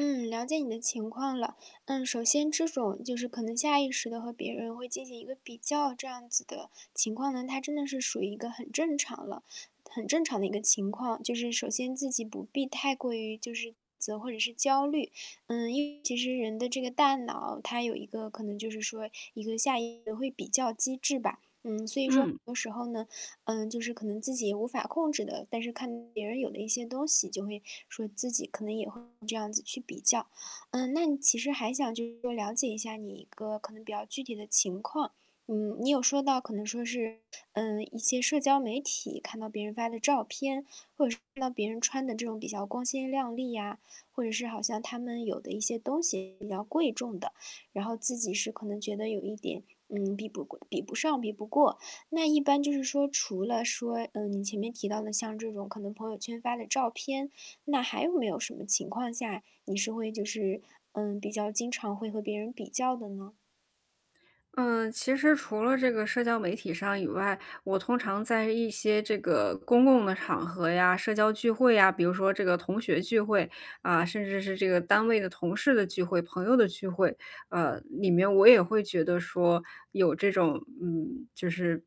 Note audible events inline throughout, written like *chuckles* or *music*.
嗯，了解你的情况了。嗯，首先这种就是可能下意识地和别人会进行一个比较这样子的情况呢，它真的是属于一个很正常了很正常的一个情况，就是首先自己不必太过于就是自责或者是焦虑。嗯，因为其实人的这个大脑，它有一个可能就是说一个下意会比较机制吧。嗯，所以说很嗯。多时候呢，嗯，就是可能自己无法控制的。但是看别人有的一些东西，就会说自己可能也会这样子去比较。嗯，那你其实还想就是了解一下你一个可能比较具体的情况。嗯，你有说到可能说是，呃，一些社交媒体看到别人发的照片，或者是看到别人穿的这种比较光鲜亮丽呀，或者是好像他们有的一些东西比较贵重的。然后自己是可能觉得有一点，嗯，比不贵比不上、比不过。那一般就是说除了说，嗯，你前面提到的像这种可能朋友圈发的照片，那还有没有什么情况下你是会就是，嗯，比较经常会和别人比较的呢？呃，其实除了这个社交媒体上以外，我通常在一些这个公共的场合呀、社交聚会啊，比如说这个同学聚会，啊，甚至是这个单位的同事的聚会、朋友的聚会，呃，里面我也会觉得说，有这种嗯，就是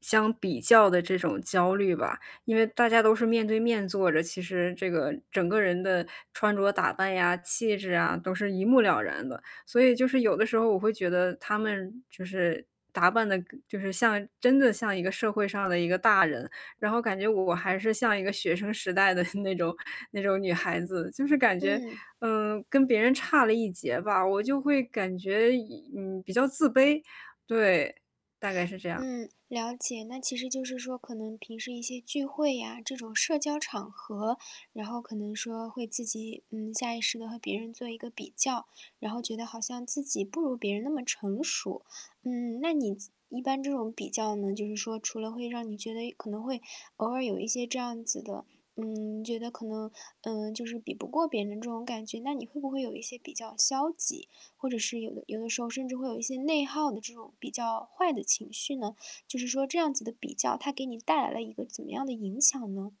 相比较的这种焦虑吧。因为大家都是面对面坐着，其实这个整个人的穿着打扮呀、气质啊，都是一目了然的。所以就是有的时候我会觉得他们就是打扮的跟就是像真的像一个社会上的一个大人。然后感觉我还是像一个学生时代的 *chuckles* 那种那种女孩子，就是感觉，嗯。嗯，跟别人差了一截吧。我就会感觉隐嗯，比较自卑。对，大概是这样嗯，了解。那其实就是说可能平时一些聚会呀，这种社交场合。然后可能说会自己，嗯，下意识地和别人做一个比较，然后觉得好像自己不如别人那么成熟。嗯，那你自一般这种比较呢，就是说除了会让你觉得，哎，可能会偶尔有一些这样子的嗯，觉得可能，嗯，就是比不过别人这种感觉。那你会不会有一些比较消极，或者是有的有的时候甚至会有一些内耗的这种比较坏的情绪呢？就是说这样子的比较，它给你带来了一个怎么样的影响呢？